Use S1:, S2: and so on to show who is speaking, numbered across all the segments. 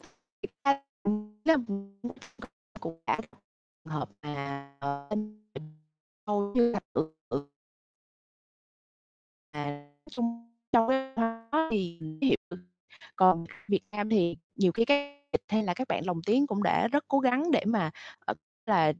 S1: [unintelligible] Cũng đã trường hợp mà, ờ, [unintelligible] hầu như là [unintelligible] À, nói chung trong cái văn hóa thì ví dụ như còn Việt Nam thì nhiều khi cái [unintelligible] hay là các bạn lồng tiếng cũng đã rất cố gắng để mà, ờ, là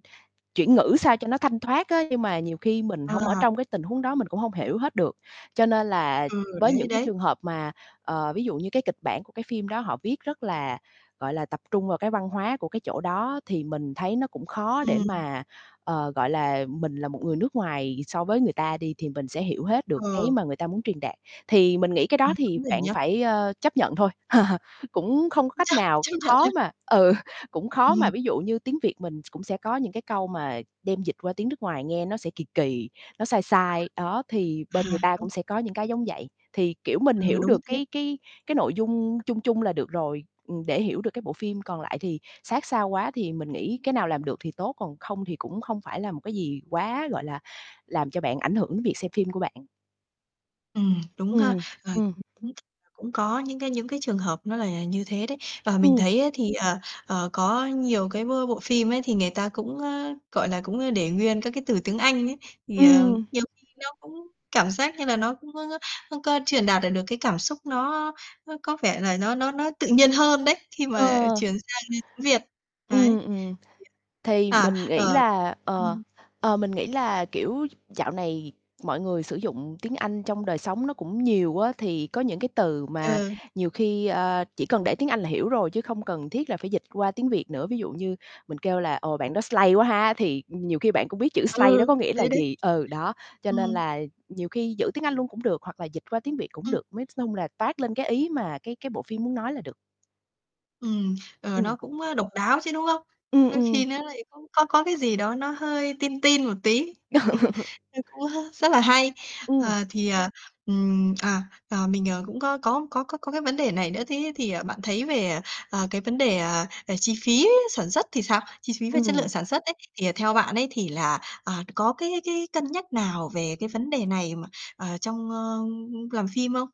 S1: chuyển ngữ sao cho nó thanh thoát á, nhưng mà nhiều khi mình hông ở
S2: Ờ.
S1: trong cái tình huống đó mình cũng hông hiểu hết được. Cho nên là
S2: Ừm,
S1: với
S2: đấy,
S1: những cái
S2: đấy.
S1: trường hợp mà, ờ, ví dụ như cái kịch bản của cái phim đó họ viết rất là, gọi là, tập trung vào cái văn hóa của cái chỗ đó thì mình thấy nó cũng khó để
S2: Ừm.
S1: mà, ờ, gọi là, mình là một người nước ngoài so với người ta đi thì mình sẽ hiểu hết được cái
S2: Ừ.
S1: mà người ta muốn truyền đạt. Thì mình nghĩ cái
S2: Ừm,
S1: đó thì
S2: đúng rồi
S1: bạn
S2: nhá.
S1: phải, ơ, chấp nhận thôi, cũng không có cách
S2: Chắc
S1: nào
S2: chấp nhận
S1: khó
S2: thôi.
S1: mà ừ, cũng khó
S2: Ừm.
S1: mà, ví dụ như tiếng Việt mình cũng sẽ có những cái câu mà đem dịch qua tiếng nước ngoài nghe nó sẽ kì kì, nó sai
S2: [unintelligible]
S1: sai, đó, thì bên người
S2: À,
S1: ta
S2: đúng.
S1: cũng sẽ có những cái giống vậy. Thì, kiểu, mình
S2: Ừ,
S1: hiểu
S2: đúng
S1: được
S2: thế.
S1: cái cái cái nội dung chung chung là được rồi, ừm, để hiểu được cái bộ phim còn lại thì sát sao quá thì mình nghĩ cái nào làm được thì tốt, còn không thì cũng không phải là một cái gì quá, gọi là, làm cho bạn ảnh hưởng đến việc xem phim của bạn.
S2: Ừm, đúng
S1: Ừm,
S2: ha,
S1: ừm,
S2: ờ,
S1: ừm.
S2: [unintelligible] cũng có những cái những cái trường hợp nó là như thế đấy. Và mình
S1: Ừm.
S2: thấy á thì, ờ, ờ, có nhiều cái bô bộ phim ấy thì người ta cũng, ơ, gọi là, cũng, ơ, để nguyên các cái từ tiếng Anh ấy, thì, ờ,
S1: Ừm.
S2: nhiều khi nó cũng cảm giác như là nó cũng có, ưm, có truyền đạt lại được cái cảm xúc nó nó có vẻ là nó nó nó tự nhiên hơn đấy khi mà
S1: Ờ.
S2: chuyển sang, ơ, tiếng Việt, đấy
S1: Ừm,
S2: thì,
S1: ừm, thì
S2: à
S1: mình
S2: à,
S1: nghĩ
S2: ờ,
S1: là ờ,
S2: ừm.
S1: ờ, mình nghĩ là, kiểu, d dạo này mọi người sử dụng tiếng Anh trong đời sống nó cũng nhiều á, thì có những cái từ mà
S2: Ừ.
S1: nhiều khi, ờ, chỉ cần để tiếng Anh là hiểu rồi chứ không cần thiết là phải dịch qua tiếng Việt nữa, ví dụ như mình kêu là "Ồ, bạn đó slay quá ha!" thì nhiều khi bạn cũng biết chữ slay đó
S2: Ừ,
S1: có nghĩa là
S2: thế đấy.
S1: gì, ừ, đó, cho nên
S2: Ừm.
S1: là nhiều khi giữ tiếng Anh luôn cũng được hoặc là dịch qua tiếng Việt cũng
S2: Ừm.
S1: được. Nói s chung là toát lên cái ý mà cái cái bộ phim muốn nói là được.
S2: Ừm, ờ,
S1: Ừm.
S2: nó cũng, ơ, độc đáo chứ, đúng không? [unintelligible]
S1: Ừm,
S2: Đôi khi
S1: ừm.
S2: nó lại cũng có có cái gì đó nó hơi teen, teen một tí, ơ, cũng h rất là hay.
S1: Ừm.
S2: Ờ, thì, ờ, ừm, à, à, mình, ờ, cũng có có có có có cái vấn đề này nữa, thế thì, ờ, bạn thấy về, ờ, cái vấn đề, ờ, về chi phí sản xuất thì sao? Chi phí về chất lượng
S1: Ừm.
S2: sản xuất ấy, thì, ờ, theo bạn ấy thì là, à, có cái cái cân nhắc nào về cái vấn đề này mà, ờ, trong, ơ, ưm, ưm, làm phim không?